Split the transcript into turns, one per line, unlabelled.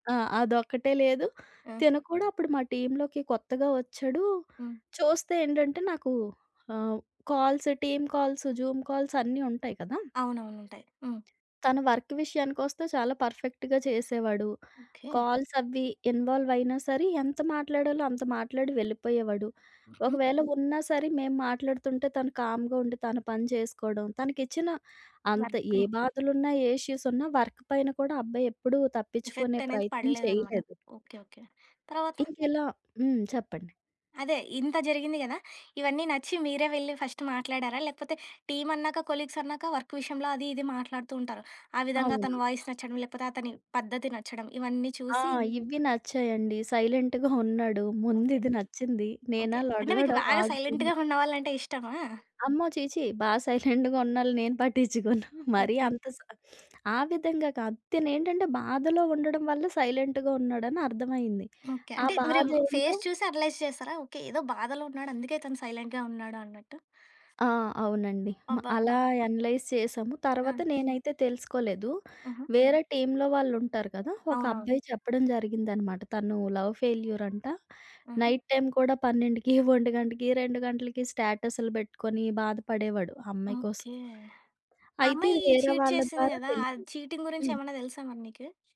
ఆ! అదొక్కటే లేదు.
ఆ!
తిను కూడా అప్పుడు మా టీమ్‌లోకి కొత్తగా వచ్చాడు.
హ్మ్.
చూస్తే ఏంటంటే నాకు ఆహ్, calls, team calls, Zoom calls, అన్నీ ఉంటాయి కదా!
అవునవును. ఉంటాయి. హ్మ్.
తను వర్క్ విషయానికొస్తే చాలా పర్ఫెక్ట్‌గా చేసేవాడు.
ఓకే.
కాల్స్ అవి ఇన్వాల్వ్ అయినా సరే ఎంత మాట్లాడాలో అంత మాట్లాడి వెళ్ళిపోయేవాడు.
హుహు.
ఒకవేళ ఉన్నా సరే మేము మాట్లాడుతుంటే తను కామ్‌గా ఉండి తన పని చేసుకోవడం. తనకిచ్చిన అంత ఏ
వర్క్‌ని.
బాధలున్నా, ఏ ఇష్యూస్ ఉన్నా, వర్క్ పైన కూడా అబ్బాయి ఎప్పుడూ తప్పిచ్చుకునే
ఎఫెక్ట్ అనేది
ప్రయత్నం
పడలేదనమాట.
చేయలేదు.
ఓకే. ఓకే. తరవాత?
ఇంకిలా హ్మ్. చెప్పండి.
అదే ఇంత జరిగింది కదా! ఇవన్నీ నచ్చి మీరే వెళ్లి ఫస్ట్ మాట్లాడారా? లేకపోతే, టీమన్నాక, కొలీగ్స్ అన్నాక వర్క్ విషయంలో అది, ఇది మాట్లాడుతూ ఉంటారు. ఆ విధంగా
అవును.
అతని వాయిస్ నచ్చడం. లేకపోతే, అతని పద్ధతి నచ్చడం. ఇవన్నీ
ఆ!
చూసి
ఇవి నచ్చాయండి. సైలెంట్‌గా ఉన్నాడు.
ఓకే.
ముందిది నచ్చింది. నేనా
ఓకే. అంటే
లొడలొడ
మీకు బాగా
వాగుతున్న.
సైలెంట్‌గా ఉన్నవాళ్ళంటే ఇష్టమా?
అమ్మో! ఛీ ఛీ! బా సైలెంట్‌గా ఉన్నోళ్ళని నేను పట్టిచ్చుకోను. మరి
ఓకే.
అంత సై ఆ విధంగా కాదు. తినేంటంటే బాధలో ఉండడం వల్ల సైలెంట్‌గా ఉన్నాడని అర్థమయింది.
ఓకే.
ఆ
అంటే మీరు
బాధేంటో
ఫేస్ చూసి అనలైజ్ చేస్తారా? ఓకే ఏదో బాధలో ఉన్నాడు. అందుకే తను సైలెంట్‌గా ఉన్నాడా అన్నట్టు.
ఆ! అవునండి. మ
అబ్బాబ్బ!
అలా అనలైజ్ చేశాము.
ఆ!
తర్వాత నేనైతే తెలుసుకోలేదు.
ఆహా!
వేరే టీమ్‌లో వాళ్ళుంటారు కదా! ఒక
అవునవును.
అబ్బాయి చెప్పడం జరిగిందనమాట. తను లవ్ ఫెయిల్యూర్ అంట.
ఆహా!
నైట్ టైమ్ కూడా 12కి, 1కి, 2కి స్టేటస్‌లు పెట్టుకొని బాధపడేవాడు ఆ అమ్మాయి కోసం.
ఓకే. ఆ
అయితే
అమ్మాయి
ఇది వేరే
చీట్
వాళ్ళ
చేసింది
ద్వారా
గదా! ఆ
తెలిసింది.
చీటింగ్ గురించి
హ్మ్.
ఏమన్నా తెలుసా మరి నీకు?